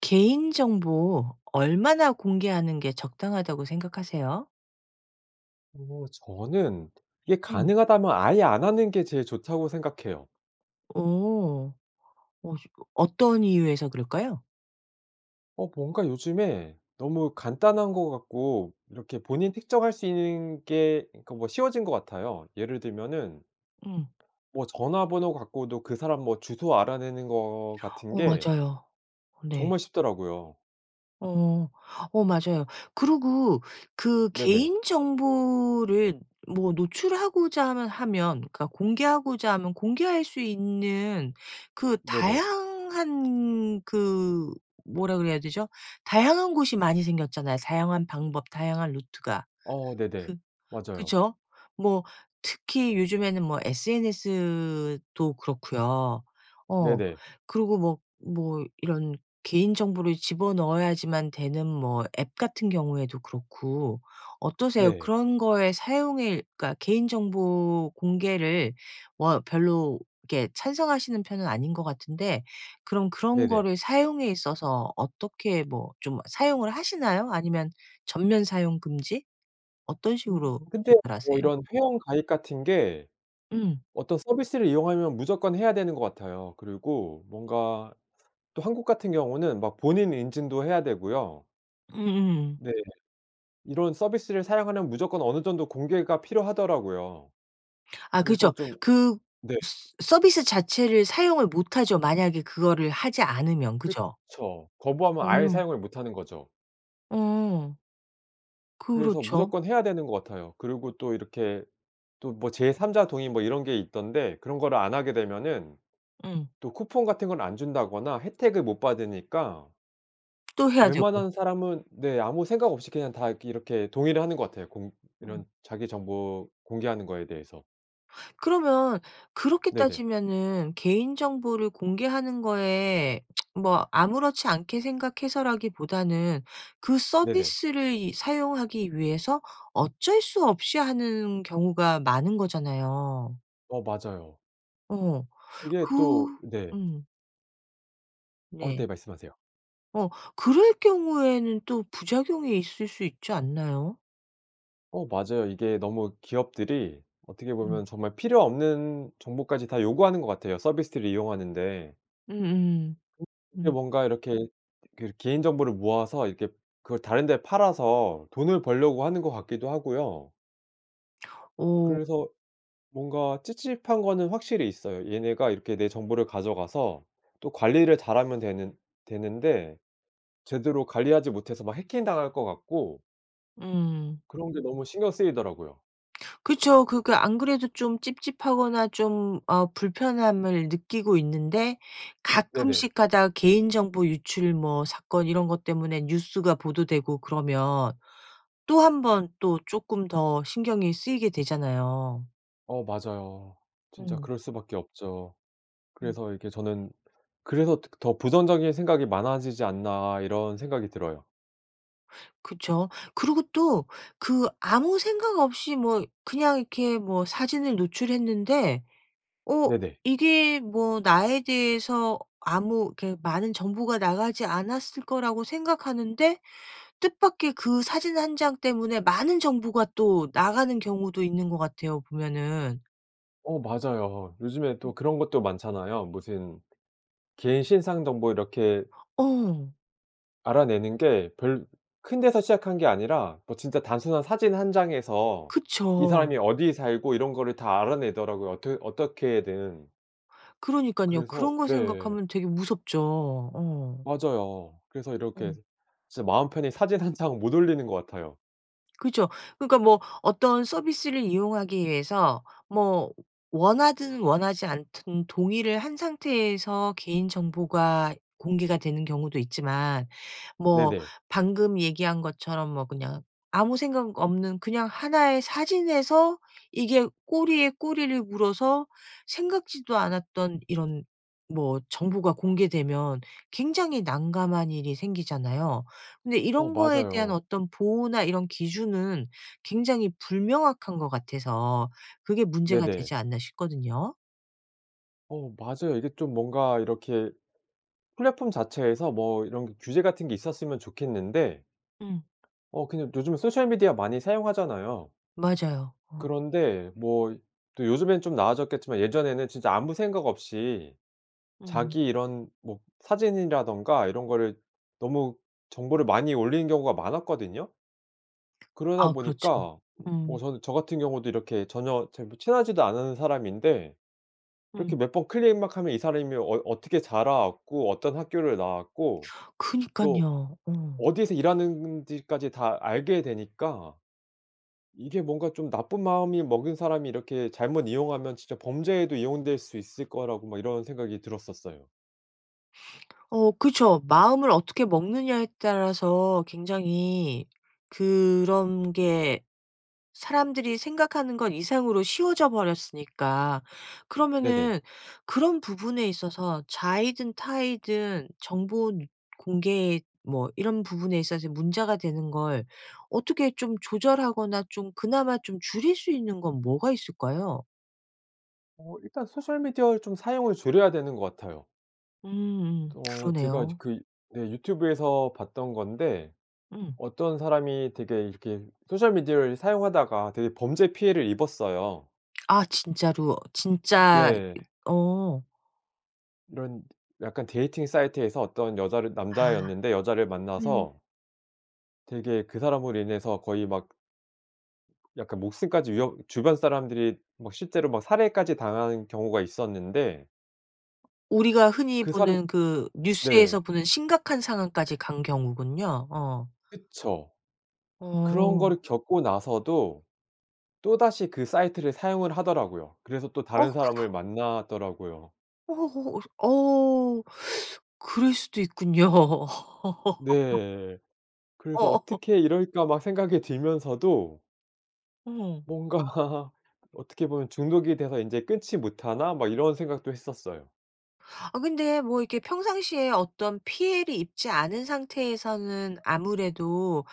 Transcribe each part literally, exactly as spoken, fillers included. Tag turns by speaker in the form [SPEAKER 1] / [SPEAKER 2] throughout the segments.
[SPEAKER 1] 개인정보 얼마나 공개하는 게 적당하다고 생각하세요?
[SPEAKER 2] 어 저는 이게
[SPEAKER 1] 음.
[SPEAKER 2] 가능하다면 아예 안 하는 게 제일 좋다고 생각해요.
[SPEAKER 1] 어 어시 어떤 이유에서 그럴까요?
[SPEAKER 2] 어 뭔가 요즘에 너무 간단한 것 같고 이렇게 본인 특정할 수 있는 게 그러니까 뭐 쉬워진 것 같아요. 예를 들면은
[SPEAKER 1] 음.
[SPEAKER 2] 뭐 전화번호 갖고도 그 사람 뭐 주소 알아내는 거 같은
[SPEAKER 1] 어
[SPEAKER 2] 게
[SPEAKER 1] 맞아요. 어 네.
[SPEAKER 2] 정말 쉽더라고요.
[SPEAKER 1] 어. 어 맞아요. 그리고 그
[SPEAKER 2] 네네.
[SPEAKER 1] 개인정보를 뭐 노출하고자 하면 하면 그러니까 공개하고자 하면 공개할 수 있는 그
[SPEAKER 2] 네네.
[SPEAKER 1] 다양한 그 뭐라 그래야 되죠 다양한 곳이 많이 생겼잖아요 다양한 방법 다양한 루트가.
[SPEAKER 2] 어 네네.
[SPEAKER 1] 그
[SPEAKER 2] 맞아요.
[SPEAKER 1] 그쵸? 뭐 특히 요즘에는 뭐 SNS도 그렇고요. 어.
[SPEAKER 2] 네네.
[SPEAKER 1] 그리고 뭐 뭐 이런 개인 정보를 집어넣어야지만 되는 뭐 앱 같은 경우에도 그렇고. 어떠세요?
[SPEAKER 2] 네.
[SPEAKER 1] 그런 거에 사용일 그러니까 개인 정보 공개를 워 별로 이렇게 찬성하시는 편은 아닌 것 같은데 그럼 그런
[SPEAKER 2] 네네.
[SPEAKER 1] 거를 사용에 있어서 어떻게 뭐 좀 사용을 하시나요? 아니면 전면 사용 금지? 어떤
[SPEAKER 2] 음.
[SPEAKER 1] 식으로
[SPEAKER 2] 근데
[SPEAKER 1] 조절하세요?
[SPEAKER 2] 이런 회원 가입 같은 게
[SPEAKER 1] 음.
[SPEAKER 2] 어떤 서비스를 이용하면 무조건 해야 되는 것 같아요. 그리고 뭔가 또 한국 같은 경우는 막 본인 인증도 해야 되고요
[SPEAKER 1] 음음.
[SPEAKER 2] 네. 이런 서비스를 사용하면 무조건 어느 정도 공개가 필요하더라고요.
[SPEAKER 1] 아 그렇죠.
[SPEAKER 2] 그래서 좀
[SPEAKER 1] 그
[SPEAKER 2] 네.
[SPEAKER 1] 스 서비스 자체를 사용을 못 하죠 만약에 그거를 하지 않으면. 그죠?
[SPEAKER 2] 그쵸. 거부하면
[SPEAKER 1] 어
[SPEAKER 2] 아예
[SPEAKER 1] 음.
[SPEAKER 2] 사용을 못하는 거죠.
[SPEAKER 1] 어.
[SPEAKER 2] 그래서
[SPEAKER 1] 그렇죠.
[SPEAKER 2] 무조건 해야 되는 것 같아요. 그리고 또 이렇게 또 뭐 제삼자 동의 뭐 이런 게 있던데 그런 거를 안 하게 되면은
[SPEAKER 1] 음.
[SPEAKER 2] 또 쿠폰 같은 걸 안 준다거나 혜택을 못 받으니까
[SPEAKER 1] 또 해야 되고
[SPEAKER 2] 웬만한 사람은 네 아무 생각 없이 그냥 다 이렇게 이렇게 동의를 하는 것 같아요. 공 이런
[SPEAKER 1] 음.
[SPEAKER 2] 자기 정보 공개하는 거에 대해서.
[SPEAKER 1] 그러면 그렇게
[SPEAKER 2] 네네.
[SPEAKER 1] 따지면은 개인 정보를 공개하는 거에 뭐 아무렇지 않게 생각해서라기보다는 그
[SPEAKER 2] 네네.
[SPEAKER 1] 서비스를 이 사용하기 위해서 어쩔 수 없이 하는 경우가 많은 거잖아요.
[SPEAKER 2] 어 맞아요.
[SPEAKER 1] 어.
[SPEAKER 2] 그게
[SPEAKER 1] 그
[SPEAKER 2] 또 네.
[SPEAKER 1] 음.
[SPEAKER 2] 어
[SPEAKER 1] 네.
[SPEAKER 2] 네. 말씀하세요.
[SPEAKER 1] 어. 그럴 경우에는 또 부작용이 있을 수 있지 않나요?
[SPEAKER 2] 어 맞아요. 이게 너무 기업들이 어떻게
[SPEAKER 1] 음.
[SPEAKER 2] 보면 정말 필요 없는 정보까지 다 요구하는 것 같아요, 서비스를 이용하는 데.
[SPEAKER 1] 음 음음.
[SPEAKER 2] 이렇게
[SPEAKER 1] 음.
[SPEAKER 2] 뭔가 이렇게 그런 개인정보를 모아서 이렇게 그걸 다른 데 팔아서 돈을 벌려고 하는 것 같기도 하고요.
[SPEAKER 1] 오.
[SPEAKER 2] 그래서 뭔가 찝찝한 거는 확실히 있어요. 얘네가 이렇게 내 정보를 가져가서 또 관리를 잘하면 되는 되는데 제대로 관리하지 못해서 막 해킹 당할 것 같고
[SPEAKER 1] 음.
[SPEAKER 2] 그런 게 너무 신경 쓰이더라고요.
[SPEAKER 1] 그쵸. 그러니까 안 그래도 좀 찝찝하거나 좀 어 불편함을 느끼고 있는데
[SPEAKER 2] 네네.
[SPEAKER 1] 가끔씩 가다 개인정보 유출 뭐 사건 이런 것 때문에 뉴스가 보도되고 그러면 또 한번 또 쪼끔 더 신경이 쓰이게 되잖아요.
[SPEAKER 2] 어 맞아요. 진짜
[SPEAKER 1] 음.
[SPEAKER 2] 그럴 수밖에 없죠.
[SPEAKER 1] 음.
[SPEAKER 2] 그래서 이렇게 저는 '그래서 더 그 더 부정적인 생각이 많아지지 않나.' 이런 생각이 들어요.
[SPEAKER 1] 그쵸. 그러고 또 그 아무 생각 없이 뭐 그냥 이렇게 뭐 사진을 노출했는데 어
[SPEAKER 2] 네네.
[SPEAKER 1] 이게 뭐 나에 대해서 아무 이렇게 많은 정보가 나가지 않았을 거라고 생각하는데 뜻밖에 그 사진 한 장 때문에 많은 정보가 또 나가는 경우도 있는 것 같아요 보면은.
[SPEAKER 2] 어 맞아요. 요즘에 또 그런 것도 많잖아요. 무슨 개인 신상 정보 이렇게
[SPEAKER 1] 어.
[SPEAKER 2] 알아내는 게 별 큰 데서 시작한 게 아니라 뭐 진짜 단순한 사진 한 장에서 이
[SPEAKER 1] 그쵸.
[SPEAKER 2] 사람이 어디에 살고 이런 거를 다 알아내더라고요 어뜨 어떻게든.
[SPEAKER 1] 그러니깐요.
[SPEAKER 2] 그래서
[SPEAKER 1] 그런 거
[SPEAKER 2] 네.
[SPEAKER 1] 생각하면 되게 무섭죠. 어.
[SPEAKER 2] 맞아요. 그래서 이렇게
[SPEAKER 1] 어.
[SPEAKER 2] 진짜 마음 편히 사진 한 장 못 올리는 것 같아요.
[SPEAKER 1] 그죠. 그러니까 뭐 어떤 서비스를 이용하기 위해서 뭐 원하든 원하지 않든 동의를 한 상태에서 개인 정보가 공개가 되는 경우도 있지만 뭐
[SPEAKER 2] 네네.
[SPEAKER 1] 방금 얘기한 것처럼 뭐 그냥 아무 생각 없는 그냥 하나 의 사진에서 이게 꼬리에 꼬리를 물어서 생각지도 않았던 이런 뭐 정보가 공개되면 굉장히 난감한 일이 생기잖아요. 그런데
[SPEAKER 2] 어
[SPEAKER 1] 이런 거에 대한
[SPEAKER 2] 맞아요.
[SPEAKER 1] 어떤 보호나 이런 기준은 굉장히 불명확한 것 같아서 그게 문제가
[SPEAKER 2] 네네.
[SPEAKER 1] 되지 않나 싶거든요.
[SPEAKER 2] 어 맞아요. 이게 좀 뭔가 이렇게 플랫폼 자체에서 뭐 이런 게 규제 같은 게 있었으면 좋겠는데
[SPEAKER 1] 음.
[SPEAKER 2] 어 그냥 요즘 소셜미디어 많이 사용하잖아요.
[SPEAKER 1] 맞아요. 어.
[SPEAKER 2] 그런데 뭐 또 요즘엔 좀 나아졌겠지만 예전에는 진짜 아무 생각 없이
[SPEAKER 1] 음.
[SPEAKER 2] 자기 이런 뭐 사진이라든가 이런 거를 너무 정보를 많이 올리는 경우가 많았거든요? 그러다
[SPEAKER 1] 아 그렇죠.
[SPEAKER 2] 보니까 뭐
[SPEAKER 1] 음.
[SPEAKER 2] 저는 저 같은 경우도 이렇게 전혀 잘 뭐 친하지도 않은 사람인데 이렇게
[SPEAKER 1] 음.
[SPEAKER 2] 몇 번 클릭 막 하면 이 사람이 어 어떻게 자라왔고 어떤 학교를 나왔고 또
[SPEAKER 1] 그니깐요. 어.
[SPEAKER 2] 어디에서 일하는지까지 다 알게 되니까 이게 뭔가 좀 나쁜 마음이 먹은 사람이 이렇게 잘못 이용하면 진짜 범죄에도 이용될 수 있을 거라고 막 이런 생각이 들었었어요.
[SPEAKER 1] 어 그쵸. 마음을 어떻게 먹느냐에 따라서 굉장히 그런 게 사람들이 생각하는 것 이상으로 쉬워져 버렸으니까.
[SPEAKER 2] 네네.
[SPEAKER 1] 그러면은 그런 부분에 있어서 자의든 타의든 정본 공개 뭐 이런 부분에 있어서 문제가 되는 걸 어떻게 좀 조절하거나 좀 그나마 좀 줄일 수 있는 건 뭐가 있을까요?
[SPEAKER 2] 어 일단 소셜미디어를 좀 사용을 줄여야 되는 것 같아요.
[SPEAKER 1] 음음.
[SPEAKER 2] 어 제가
[SPEAKER 1] 그러네요.
[SPEAKER 2] 그 네 유튜브에서 봤던 건데
[SPEAKER 1] 음.
[SPEAKER 2] 어떤 사람이 되게 이렇게 소셜 미디어를 사용하다가 되게 범죄 피해를 입었어요.
[SPEAKER 1] 아 진짜로 진짜
[SPEAKER 2] 네.
[SPEAKER 1] 어.
[SPEAKER 2] 이런 약간 데이팅 사이트에서 어떤 여자를
[SPEAKER 1] 아.
[SPEAKER 2] 남자였는데 여자를
[SPEAKER 1] 음.
[SPEAKER 2] 만나서 되게 그 사람으로 인해서 거의 막 약간 목숨까지 위협 주변 사람들이 막 실제로 막 살해까지 당하는 경우가 있었는데
[SPEAKER 1] 우리가 흔히
[SPEAKER 2] 그 사람
[SPEAKER 1] 보는 그
[SPEAKER 2] 네.
[SPEAKER 1] 뉴스에서 보는 심각한 상황까지 간 경우군요. 어.
[SPEAKER 2] 그쵸. 그런
[SPEAKER 1] 어.
[SPEAKER 2] 거를 겪고 나서도 또다시 그 사이트를 사용을 하더라고요. 그래서 또
[SPEAKER 1] 어
[SPEAKER 2] 다른 사람을
[SPEAKER 1] 그거
[SPEAKER 2] 만나더라고요.
[SPEAKER 1] 어우. 어우. 그럴 수도 있군요.
[SPEAKER 2] 네.
[SPEAKER 1] 어.
[SPEAKER 2] 그래서 어떻게 이럴까 막 생각이 들면서도
[SPEAKER 1] 어.
[SPEAKER 2] 뭔가 어떻게 보면 '중독이 되서 인제 끊지 못하나?' 막 이런 생각도 했었어요.
[SPEAKER 1] 아 근데 뭐 이렇게 평상시에 어떤 피해를 입지 않은 상태에서는 아무래도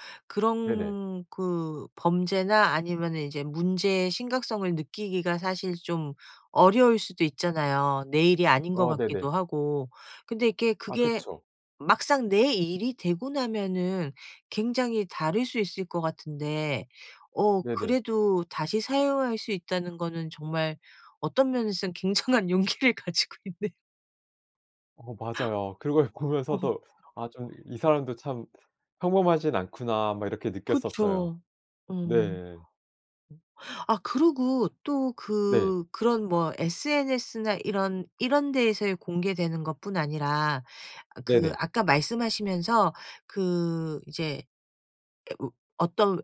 [SPEAKER 2] 네네.
[SPEAKER 1] 그런 그 범죄나 아니면은 이제 문제의 심각성을 느끼기가 사실 좀 어려울 수도 있잖아요 내 일이 아닌 것
[SPEAKER 2] 아 네네.
[SPEAKER 1] 같기도 하고. 근데 이렇게
[SPEAKER 2] 아
[SPEAKER 1] 그게
[SPEAKER 2] 그쵸.
[SPEAKER 1] 막상 내 일이 되고 나면은 굉장히 다를 수 있을 것 같은데 어
[SPEAKER 2] 네네.
[SPEAKER 1] 그래도 다시 사용할 수 있다는 거는 정말 어떤 면에서는 굉장한 용기를 가지고 있네
[SPEAKER 2] 어 맞아요. 그걸
[SPEAKER 1] 어허.
[SPEAKER 2] 보면서도 아 좀 '이 사람도 참 평범하진 않구나.' 막 이렇게 느꼈었어요.
[SPEAKER 1] 그쵸. 음.
[SPEAKER 2] 네.
[SPEAKER 1] 아 그러고 또
[SPEAKER 2] 네.
[SPEAKER 1] 그 그런 뭐 SNS나 이런, 이런 데에서의 공개되는 것뿐 아니라 어 그
[SPEAKER 2] 네네.
[SPEAKER 1] 아까 말씀하시면서 그 이제 에 으 어떤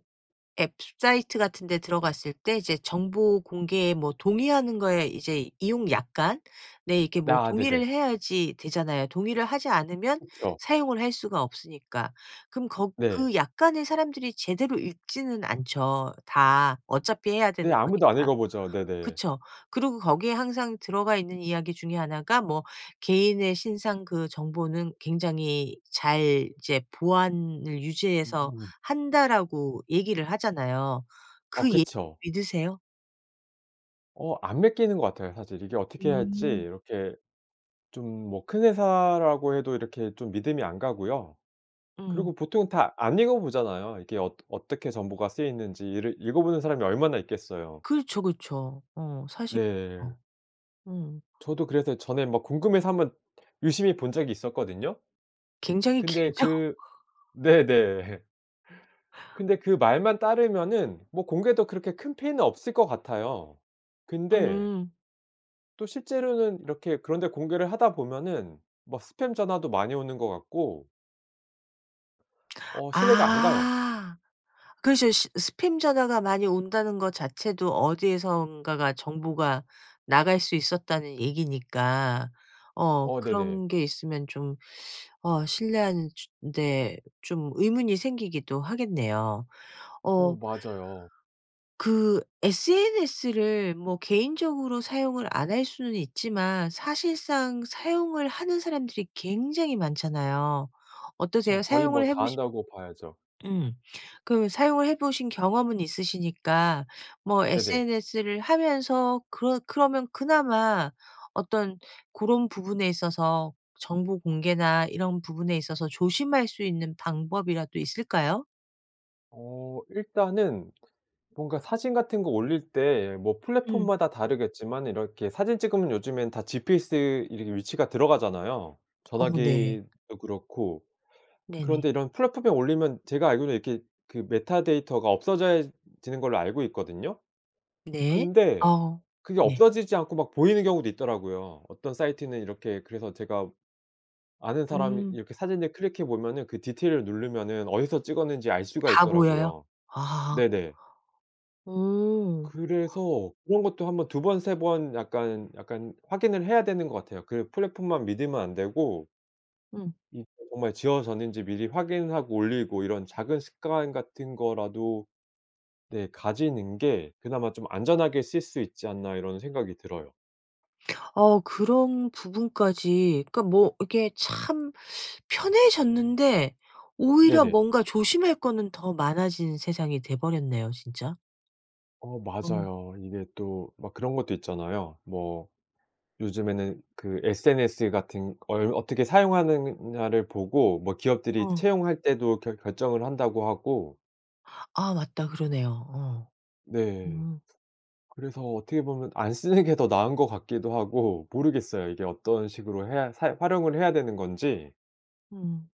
[SPEAKER 1] 앱 사이트 같은 데 들어갔을 때 이제 정보 공개에 뭐 동의하는 거에 이제 이용 약관 네 이렇게
[SPEAKER 2] 아 네네.
[SPEAKER 1] 동의를 해야지 되잖아요. 동의를 하지 않으면
[SPEAKER 2] 그쵸.
[SPEAKER 1] 사용을 할 수가 없으니까. 그럼 거
[SPEAKER 2] 네.
[SPEAKER 1] 그 약관을 사람들이 제대로 읽지는 않죠 다 어차피 해야 되는
[SPEAKER 2] 네.아무도 안
[SPEAKER 1] 거니까.
[SPEAKER 2] 읽어 보죠. 네네.
[SPEAKER 1] 그쵸. 그러고 거기에 항상 들어가 있는 이야기 중에 하나가 뭐 "개인의 신상 그 정보는 굉장히 잘 이제 보안을 유지해서
[SPEAKER 2] 음.
[SPEAKER 1] 한다."라고 얘기를 하잖아요.
[SPEAKER 2] 아
[SPEAKER 1] 그 얘기
[SPEAKER 2] 그쵸.
[SPEAKER 1] 믿으세요?
[SPEAKER 2] 어 안 믿기는 것 같아요 사실. 이게 어떻게 해야 할지
[SPEAKER 1] 음.
[SPEAKER 2] 이렇게 좀 뭐 큰 회사라고 해도 이렇게 좀 믿음이 안 가고요.
[SPEAKER 1] 음.
[SPEAKER 2] 그리고 보통 다 안 읽어 보잖아요. 이게 어ㄸ 어떻게 정보가 쓰이는지 이를 읽어보는 사람이 얼마나 있겠어요.
[SPEAKER 1] 그렇죠, 그렇죠. 어 사실
[SPEAKER 2] 네.
[SPEAKER 1] 어 응.
[SPEAKER 2] 저도 그래서 전에 막 궁금해서 한번 유심히 본 적이 있었거든요.
[SPEAKER 1] 굉장히
[SPEAKER 2] 근데
[SPEAKER 1] 길죠?
[SPEAKER 2] 그 네네. 근데 그 말만 따르면은 뭐 공개도 그렇게 큰 피해는 없을 것 같아요. 근데
[SPEAKER 1] 음.
[SPEAKER 2] 또 실제로는 이렇게 그런 데 공개를 하다 보면은 막 스팸 전화도 많이 오는 것 같고 어 신뢰가 안 가요.
[SPEAKER 1] 아 그렇죠. 스 스팸 전화가 많이 온다는 것 자체도 어디에선가가 정보가 나갈 수 있었다는 얘기니까. 어
[SPEAKER 2] 어 네네.
[SPEAKER 1] 그런 게 있으면 좀 어 신뢰하는 데 좀 의문이 생기기도 하겠네요.
[SPEAKER 2] 어
[SPEAKER 1] 어
[SPEAKER 2] 맞아요.
[SPEAKER 1] 그 sns를 뭐 개인적으로 사용을 안 할 수는 있지만 사실상 사용을 하는 사람들이 굉장히 많잖아요.
[SPEAKER 2] 그쵸.
[SPEAKER 1] 어떠세요?
[SPEAKER 2] 거의
[SPEAKER 1] 사용을
[SPEAKER 2] 뭐
[SPEAKER 1] 해
[SPEAKER 2] 다
[SPEAKER 1] 보신
[SPEAKER 2] 한다고 봐야죠.
[SPEAKER 1] 음 그 사용을 해보신 경험은 있으시니까 뭐
[SPEAKER 2] 네네.
[SPEAKER 1] sns를 하면서 그러 그러면 그나마 어떤 고런 부분에 있어서 정보 공개나 이런 부분에 있어서 조심할 수 있는 방법이라도 있을까요?
[SPEAKER 2] 어 일단은 뭔가 사진 같은 거 올릴 때 뭐
[SPEAKER 1] 음.
[SPEAKER 2] 플랫폼마다 다르겠지만 이렇게 사진 찍으면 요즘엔 다 GPS 이런 게 위치가 들어가잖아요
[SPEAKER 1] 어 네.
[SPEAKER 2] 전화기도 그렇고.
[SPEAKER 1] 네네.
[SPEAKER 2] 그런데 이런 플랫폼에 올리면 제가 알기로는 이렇게 그 메타데이터가 없어져야 지는 걸로 알고 있거든요?
[SPEAKER 1] 네.
[SPEAKER 2] 근데
[SPEAKER 1] 아
[SPEAKER 2] 그게
[SPEAKER 1] 네.
[SPEAKER 2] 없어지지 않고 막 보이는 경우도 있더라고요. 어떤 사이트는 이렇게 그래서 제가 아는 사람
[SPEAKER 1] 음.
[SPEAKER 2] 이렇게 사진을 클릭해 보면은 그 디테일을 누르면은 어디서 찍었는지 알 수가
[SPEAKER 1] 다 보여요?
[SPEAKER 2] 있더라고요.
[SPEAKER 1] 아. 어.
[SPEAKER 2] 네네.
[SPEAKER 1] 어.
[SPEAKER 2] 그래서 그런 것도 한번 두 번 세 번 약간, 약간 확인을 해야 되는 것 같아요. 그 플랫폼만 믿으면 안 되고
[SPEAKER 1] 응.
[SPEAKER 2] 이게 정말 지워졌는지 미리 확인하고 올리고 이런 작은 습관 같은 거라도 네 가지는 게 그나마 좀 안전하게 쓸 수 있지 않나 이런 생각이 들어요.
[SPEAKER 1] 아 그런 부분까지 그러니까 뭐 이렇게 참 편해졌는데 오히려
[SPEAKER 2] 네네.
[SPEAKER 1] 뭔가 조심할 거는 더 많아진 세상이 돼버렸네요 진짜.
[SPEAKER 2] 어
[SPEAKER 1] 음.
[SPEAKER 2] 맞아요. 이게 또 막 그런 것도 있잖아요. 뭐 요즘에는 그 SNS 같은 걸 어떻게 사용하느냐를 보고 뭐 기업들이
[SPEAKER 1] 어.
[SPEAKER 2] 채용할 때도 결 결정을 한다고 하고
[SPEAKER 1] 아 맞다 그러네요. 어
[SPEAKER 2] 네.
[SPEAKER 1] 음.
[SPEAKER 2] 그래서 어떻게 보면 안 쓰는 게 더 나은 거 같기도 하고 모르겠어요. 이게 어떤 식으로 해야 사용 활용을 해야 되는 건지.
[SPEAKER 1] 음.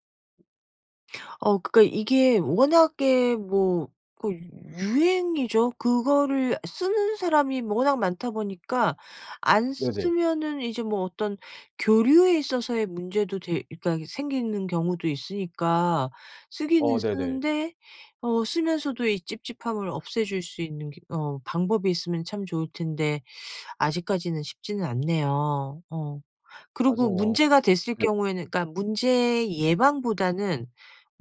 [SPEAKER 1] 어 그러니까 이게 워낙에 뭐 그 유행이죠. 그거를 쓰는 사람이 워낙 많다 보니까 안 쓰
[SPEAKER 2] 네네.
[SPEAKER 1] 쓰면은 이제 뭐 어떤 교류에 있어서의 문제도 돼 일단 생기는 경우도 있으니까 쓰기는
[SPEAKER 2] 어 네네.
[SPEAKER 1] 쓰는데 어 쓰면서도 이 찝찝함을 없애줄 수 있는 그 어 방법이 있으면 참 좋을 텐데 아직까지는 쉽지는 않네요. 어 그리고
[SPEAKER 2] 맞아요.
[SPEAKER 1] 문제가 됐을
[SPEAKER 2] 예.
[SPEAKER 1] 경우에는 그러니까 문제 예방보다는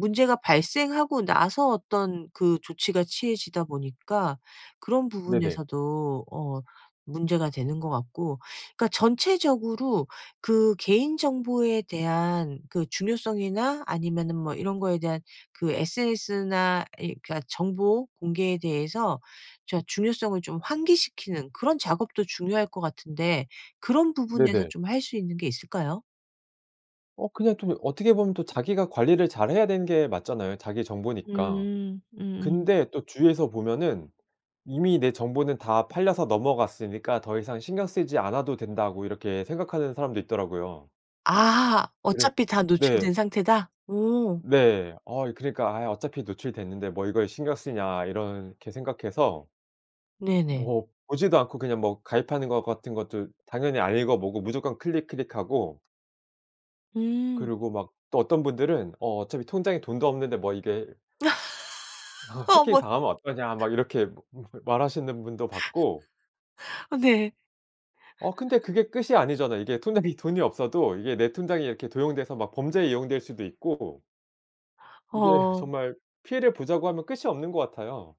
[SPEAKER 1] 문제가 발생하고 나서 어떤 그 조치가 취해지다 보니까 그런
[SPEAKER 2] 네네.
[SPEAKER 1] 부분에서도 어 문제가 되는 거 같고 그러니까 전체적으로 그 개인 정보에 대한 그 중요성이나 아니면은 뭐 이런 거에 대한 그 sns나 이 그러니까 정보공개에 대해서 자 중요성을 좀 환기시키는 그런 작업도 중요할 것 같은데 그런 부분에서
[SPEAKER 2] 네네.
[SPEAKER 1] 좀 할 수 있는 게 있을까요?
[SPEAKER 2] 어 그냥 또 이 어떻게 보면 또 자기가 관리를 잘해야 되는 게 맞잖아요 자기 정보니까.
[SPEAKER 1] 음. 음음.
[SPEAKER 2] 근데 또 주위에서 보면은 이미 내 정보는 다 팔려서 넘어갔으니까 더 이상 신경 쓰지 않아도 된다고 이렇게 생각하는 사람도 있더라고요.
[SPEAKER 1] 아
[SPEAKER 2] 그른
[SPEAKER 1] 어차피 다
[SPEAKER 2] 네.
[SPEAKER 1] 노출된 상태다? 오.
[SPEAKER 2] 네. 아 이 그러니까 아 어차피 노출이 됐는데 뭐 이거에 신경 쓰냐 이렇게 생각해서
[SPEAKER 1] 네네.
[SPEAKER 2] 뭐 보지도 않고 그냥 뭐 가입하는 거 같은 것도 당연히 안 읽어보고 무조건 클릭 클릭하고
[SPEAKER 1] 음.
[SPEAKER 2] 그리고 막 또 어떤 분들은 어 어차피 통장에 돈도 없는데 뭐 이게 해킹
[SPEAKER 1] 어머.
[SPEAKER 2] 당하면 어떠냐 막 이렇게 [unintelligible] 말하시는 분도 봤고.
[SPEAKER 1] 아 네.
[SPEAKER 2] 어 근데 그게 끝이 아니잖아요. 이게 통장에 돈이 없어도 이게 내 통장이 이렇게 도용돼서 막 범죄에 이용될 수도 있고 이게
[SPEAKER 1] 어.
[SPEAKER 2] 정말 피해를 보자고 하면 끝이 없는 것 같아요.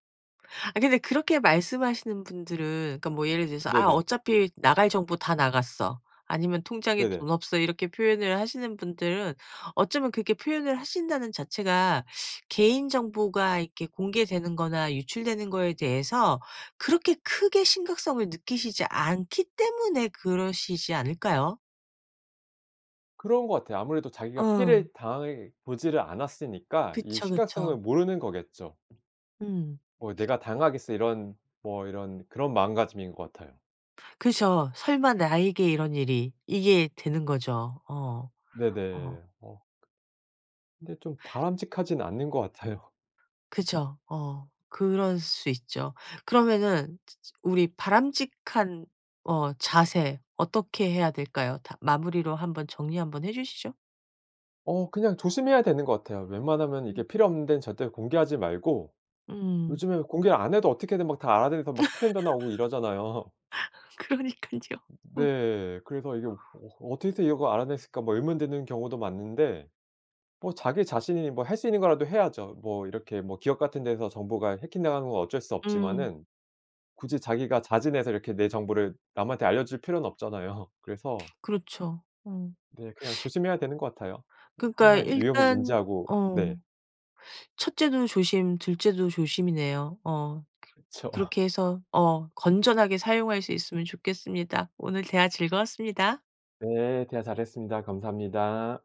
[SPEAKER 1] 아 근데 그렇게 말씀하시는 분들은 그러니까 뭐 예를 들어서 "아
[SPEAKER 2] 네네.
[SPEAKER 1] 어차피 나갈 정보 다 나갔어." 아니면 "통장에
[SPEAKER 2] 네네.
[SPEAKER 1] 돈 없어." 이렇게 표현을 하시는 분들은 어쩌면 그렇게 표현을 하신다는 자체가 개인정보가 이렇게 공개되는 거나 유출되는 거에 대해서 그렇게 크게 심각성을 느끼시지 않기 때문에 그러시지 않을까요?
[SPEAKER 2] 그런 것 같아요. 아무래도 자기가
[SPEAKER 1] 응.
[SPEAKER 2] 피해를 당해보지를 않았으니까 이
[SPEAKER 1] 그쵸. 그쵸.
[SPEAKER 2] 심각성을 모르는 거겠죠.
[SPEAKER 1] 음.
[SPEAKER 2] 뭐 '내가 당하겠어?' 이런 뭐 이런 그런 마음가짐인 것 같아요.
[SPEAKER 1] 그죠. '설마 나에게 이런 일이.' 이게 되는 거죠. 어. [unintelligible] 어.
[SPEAKER 2] 네네. 어. 근데 좀 바람직하지는 않는 것 같아요.
[SPEAKER 1] 그죠. 어 그럴 수 있죠. 그러면은 즈 즈 우리 바람직한 어 자세 어떻게 해야 될까요? 다 마무리로 한번 정리 한번 해 주시죠.
[SPEAKER 2] 어 그냥 조심해야 되는 것 같아요. 웬만하면 이게
[SPEAKER 1] 음.
[SPEAKER 2] 필요 없는 데는 절대 공개하지 말고
[SPEAKER 1] 음.
[SPEAKER 2] 요즘에 공개를 안 해도 어떻게든 막 다 알아내서 막 스팸 전화 오고 이러잖아요.
[SPEAKER 1] 그러니깐요. 음.
[SPEAKER 2] 네. 그래서 이게 '어 어떻게 해서 이걸 알아냈을까?' 뭐 의문 드는 경우도 많은데 뭐 자기 자신이 뭐 할 수 있는 거라도 해야죠. 뭐 이렇게 뭐 기업 같은 데서 정보가 해킹당하는 건 어쩔 수
[SPEAKER 1] 음.
[SPEAKER 2] 없지만은 굳이 자기가 자진해서 이렇게 내 정보를 남한테 알려줄 필요는 없잖아요. 그래서
[SPEAKER 1] 그렇죠. 어.
[SPEAKER 2] 네. 그냥 조심해야 되는 것 같아요.
[SPEAKER 1] 그러니까
[SPEAKER 2] 항상 위험을
[SPEAKER 1] 일단
[SPEAKER 2] 인지하고
[SPEAKER 1] 어
[SPEAKER 2] 네.
[SPEAKER 1] 첫째도 조심, 둘째도 조심이네요. 어
[SPEAKER 2] 그쵸.
[SPEAKER 1] 그렇게 해서 어 건전하게 사용할 수 있으면 좋겠습니다. 오늘 대화 즐거웠습니다.
[SPEAKER 2] 네. 대화 잘했습니다. 감사합니다.